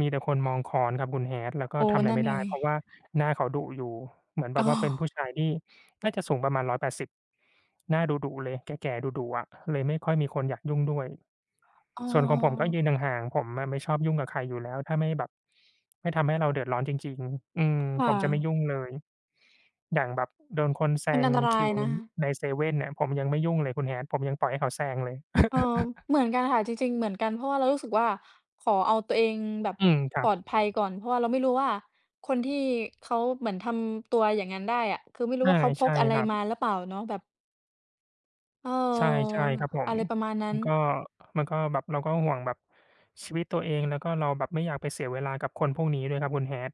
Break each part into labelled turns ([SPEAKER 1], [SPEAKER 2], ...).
[SPEAKER 1] มีแต่คนมองค้อนครับคุณ Hat แล้วก
[SPEAKER 2] โ
[SPEAKER 1] ็
[SPEAKER 2] อ้
[SPEAKER 1] ทำอะไ
[SPEAKER 2] น
[SPEAKER 1] ร
[SPEAKER 2] ั่
[SPEAKER 1] ไ
[SPEAKER 2] น
[SPEAKER 1] ม่ไ
[SPEAKER 2] ไ
[SPEAKER 1] ด
[SPEAKER 2] ง
[SPEAKER 1] ้ เพราะว่าหน้าเขาดุอยู่ เหมือนแบ
[SPEAKER 2] อ้
[SPEAKER 1] บว
[SPEAKER 2] อ
[SPEAKER 1] ่าเป็นผู้ชายที่น่าจะสูงประมาณ 180 หน้าดุ ๆ เลย แก่ ๆ ดุ ๆ อะ เลยไม่ค่อยมีคนอยากยุ่งด้วย
[SPEAKER 2] อ๋อ
[SPEAKER 1] ส่วนของผมก็ยืนห่าง ๆ ผมน่ะไม่ชอบยุ่งกับใครอยู่แล้ว ถ้าไม่แบบ ไม่ทำให้เราเดือดร้อนจริง ๆ อืม
[SPEAKER 2] ค่
[SPEAKER 1] ผมจะไม่
[SPEAKER 2] ะ
[SPEAKER 1] ยุ่งเลย อย่างแบบโดนคนแซ
[SPEAKER 2] มัน
[SPEAKER 1] ง
[SPEAKER 2] อันตร
[SPEAKER 1] ค
[SPEAKER 2] า
[SPEAKER 1] ิ
[SPEAKER 2] ย
[SPEAKER 1] ว
[SPEAKER 2] นะ
[SPEAKER 1] ในเซเว่นเนี่ย ผมยังไม่ยุ่งเลยคุณ Hat ผมยังปล่อยให้เขาแซงเลย
[SPEAKER 2] เอ่อ เหมือนกันค่ะ จริง ๆ เหมือนกัน เพราะว่าเรารู้สึกว่า ขอเอาตัวเองแบบ
[SPEAKER 1] อืม ครั
[SPEAKER 2] ปลอ
[SPEAKER 1] บ
[SPEAKER 2] ดภัยก่อน เพราะว่าเราไม่รู้ว่า คนที่เขาเหมือนทำตัวอย่างงั้นได้อะ คือไม่รู
[SPEAKER 1] อ
[SPEAKER 2] ้
[SPEAKER 1] า
[SPEAKER 2] ว่า เขาพ
[SPEAKER 1] ใช่
[SPEAKER 2] กอะไร
[SPEAKER 1] ครั
[SPEAKER 2] ม
[SPEAKER 1] บ
[SPEAKER 2] าหรือเปล่าเนาะ แบบ เออ
[SPEAKER 1] ใช่ ใช่ครับผ
[SPEAKER 2] อ
[SPEAKER 1] ม
[SPEAKER 2] ะไรประมาณนั้
[SPEAKER 1] มันก็
[SPEAKER 2] น
[SPEAKER 1] มันก็แบบเราก็ห่วงแบบ ชีวิตตัวเอง แล้วก็เราแบบไม่อยากไปเสียเวลา กับคนพวกนี้ด้วยครับ คุณ Hat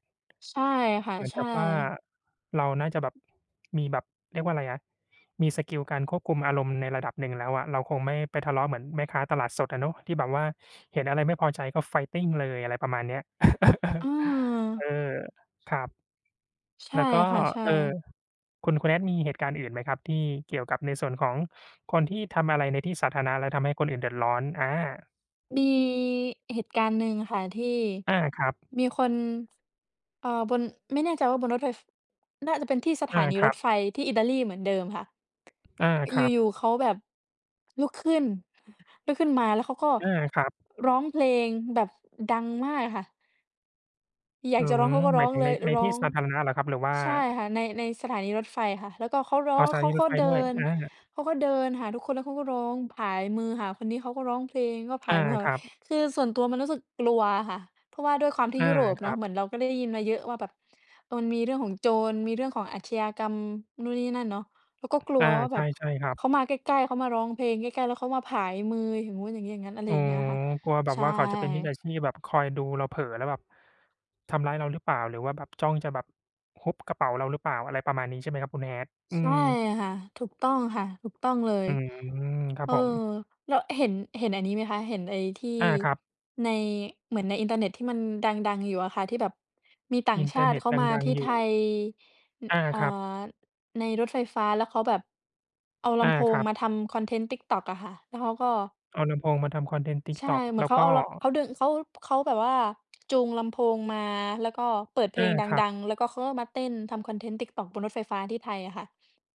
[SPEAKER 2] ใช่ค่ะ
[SPEAKER 1] เหมือน
[SPEAKER 2] ใช
[SPEAKER 1] กับว่า
[SPEAKER 2] ่
[SPEAKER 1] เราน่าจะแบบ มีแบบ เรียกว่าอะไรอะ มีสกิลการควบคุมอารมณ์ในระดับหนึ่งแล้วอะ เราคงไม่ไปทะเลาะเหมือนแม่ค้าตลาดสดอะเนาะ ที่แบบว่าเห็นอะไรไม่พอใจก็ Fighting เลย อะไรประมาณเนี้ย
[SPEAKER 2] อื
[SPEAKER 1] เออ
[SPEAKER 2] ม
[SPEAKER 1] ครับ
[SPEAKER 2] ใช
[SPEAKER 1] แ
[SPEAKER 2] ่
[SPEAKER 1] ล้วก็
[SPEAKER 2] ค่ะ ใช่
[SPEAKER 1] เอ่อ คุณ คุณ Hat มีเหตุการณ์อื่นไหมครับ ที่เกี่ยวกับในส่วนของคนที่ทำอะไรในที่สาธารณะ และทำให้คนอื่นเดือดร้อน? อา
[SPEAKER 2] มีเหตุการณ์หนึ่งค่ะ ที่
[SPEAKER 1] อา ครับ
[SPEAKER 2] มีคน เอ่อ บน ไม่แน่ใจว่าบนรถไฟ น่าจะเป็นที่สถ
[SPEAKER 1] อ
[SPEAKER 2] า
[SPEAKER 1] า
[SPEAKER 2] นี
[SPEAKER 1] ค
[SPEAKER 2] ร
[SPEAKER 1] รั
[SPEAKER 2] ถ
[SPEAKER 1] บ
[SPEAKER 2] ไฟที่อิตาลีเหมือนเดิมค่ะ
[SPEAKER 1] อา ครั
[SPEAKER 2] อยู่
[SPEAKER 1] บ
[SPEAKER 2] ๆ เขาแบบ ลุกขึ้น ลุกขึ้นมา แล้วเขาก็
[SPEAKER 1] อา ครับ
[SPEAKER 2] ร้องเพลงแบบดังมากค่ะ อยา
[SPEAKER 1] อื
[SPEAKER 2] กจะร้
[SPEAKER 1] ม
[SPEAKER 2] องเขาก็
[SPEAKER 1] ห
[SPEAKER 2] ร
[SPEAKER 1] ม
[SPEAKER 2] ้
[SPEAKER 1] า
[SPEAKER 2] อ
[SPEAKER 1] ย
[SPEAKER 2] ง
[SPEAKER 1] ถึง
[SPEAKER 2] เล
[SPEAKER 1] ใน
[SPEAKER 2] ย
[SPEAKER 1] ใน
[SPEAKER 2] ร้
[SPEAKER 1] ท
[SPEAKER 2] อ
[SPEAKER 1] ี่
[SPEAKER 2] ง
[SPEAKER 1] สาธารณะเหรอครับ? หรือว่า
[SPEAKER 2] ใช่ค่ะ ใน ในสถานีรถไฟค่ะ แล้วก็เขาร้อ
[SPEAKER 1] อ้อ
[SPEAKER 2] ง
[SPEAKER 1] สถ
[SPEAKER 2] เข
[SPEAKER 1] า
[SPEAKER 2] า
[SPEAKER 1] นีร
[SPEAKER 2] ก็
[SPEAKER 1] ถไฟ
[SPEAKER 2] เดิ
[SPEAKER 1] ด้วย
[SPEAKER 2] น
[SPEAKER 1] อา
[SPEAKER 2] เขาก็เดินหาทุกคน แล้วเขาก็ร้องผายมือหาคนนี้ เขาก็ร้องเพลงก็ผ
[SPEAKER 1] อ
[SPEAKER 2] า
[SPEAKER 1] า
[SPEAKER 2] ยมือหา
[SPEAKER 1] ครับ
[SPEAKER 2] คือส่วนตัวมันรู้สึกกลัวค่ะ เพราะว่าด้วยความที
[SPEAKER 1] อ
[SPEAKER 2] ่
[SPEAKER 1] า
[SPEAKER 2] ยุโรป
[SPEAKER 1] ค
[SPEAKER 2] เน
[SPEAKER 1] ร
[SPEAKER 2] า
[SPEAKER 1] ั
[SPEAKER 2] ะ
[SPEAKER 1] บ
[SPEAKER 2] เหมือนเราก็ได้ยินมาเยอะว่าแบบมันมีเรื่องของโจร มีเรื่องของอาชญากรรม นู่นนี่นั่นเนาะ แล้วก็กล
[SPEAKER 1] อ
[SPEAKER 2] ัว
[SPEAKER 1] า
[SPEAKER 2] ว่า
[SPEAKER 1] ใ
[SPEAKER 2] แบบ
[SPEAKER 1] ช่ ๆ ครับ
[SPEAKER 2] เขามาใกล้ ๆ เขามาร้องเพลงใกล้ ๆ แล้วเขามาผายมือ อย่างงู้น อย่างงี้ อย่างงั้น อะไร
[SPEAKER 1] อ๋อ
[SPEAKER 2] อย่างเงี้ยค่ะ
[SPEAKER 1] กลัวแบบ
[SPEAKER 2] ใช
[SPEAKER 1] ว่าเขาจะเป็นมิจฉ
[SPEAKER 2] ่
[SPEAKER 1] าชีพแบบ คอยดูเราเผลอแล้วแบบ ทำร้ายเราหรือเปล่า หรือว่าแบบจ้องจะแบบฮุบกระเป๋าเราหรือเปล่า อะไรประมาณนี้ ใช่ไหมครับคุณ Hat? อื
[SPEAKER 2] ใช่
[SPEAKER 1] ม
[SPEAKER 2] ค่ะ ถูกต้องค่ะ ถูกต้องเลย
[SPEAKER 1] อืม ครั
[SPEAKER 2] เ
[SPEAKER 1] บ
[SPEAKER 2] ออ
[SPEAKER 1] ผม
[SPEAKER 2] แล้วเห็น เห็นอันนี้ไหมคะ เห็นไอ้ที่
[SPEAKER 1] อา ครับ
[SPEAKER 2] ใน เหมือนในอินเทอร์เน็ต ที่มันดัง ๆ อยู่อะค่ะ ที่แบบมีต่า
[SPEAKER 1] อ
[SPEAKER 2] ง
[SPEAKER 1] ินเ
[SPEAKER 2] ช
[SPEAKER 1] ท
[SPEAKER 2] า
[SPEAKER 1] อร์
[SPEAKER 2] ต
[SPEAKER 1] เน
[SPEAKER 2] ิ
[SPEAKER 1] ็ต
[SPEAKER 2] เขา
[SPEAKER 1] ด
[SPEAKER 2] มา
[SPEAKER 1] ั
[SPEAKER 2] ท
[SPEAKER 1] ง
[SPEAKER 2] ี่
[SPEAKER 1] ๆ อย
[SPEAKER 2] ไท
[SPEAKER 1] ู่
[SPEAKER 2] ย อ
[SPEAKER 1] อา
[SPEAKER 2] อ่า
[SPEAKER 1] ครับ
[SPEAKER 2] ในรถไฟฟ้า แล้วเขาแบบ เอาล
[SPEAKER 1] อา
[SPEAKER 2] ำโพ
[SPEAKER 1] ค
[SPEAKER 2] ง
[SPEAKER 1] รับ
[SPEAKER 2] มาทำคอนเทนต์ TikTok อะค่ะ แล้วเขาก็
[SPEAKER 1] เอาลำโพงมาทำคอนเทนต์
[SPEAKER 2] ใช่
[SPEAKER 1] TikTok
[SPEAKER 2] เหม
[SPEAKER 1] แ
[SPEAKER 2] ือ
[SPEAKER 1] ล้
[SPEAKER 2] นเ
[SPEAKER 1] ว
[SPEAKER 2] ขา
[SPEAKER 1] ก็
[SPEAKER 2] เอา ล เขาเดิน เขา เขาแบบว่าจูงลำโพงมา แล้วก็เปิดเพ
[SPEAKER 1] อ
[SPEAKER 2] ล
[SPEAKER 1] า
[SPEAKER 2] งด
[SPEAKER 1] ครับ
[SPEAKER 2] ัง ๆ แล้วก็เขาก็มาเต้นทำคอนเทนต์ TikTok บนรถไฟฟ้าที่ไทยอะค่ะ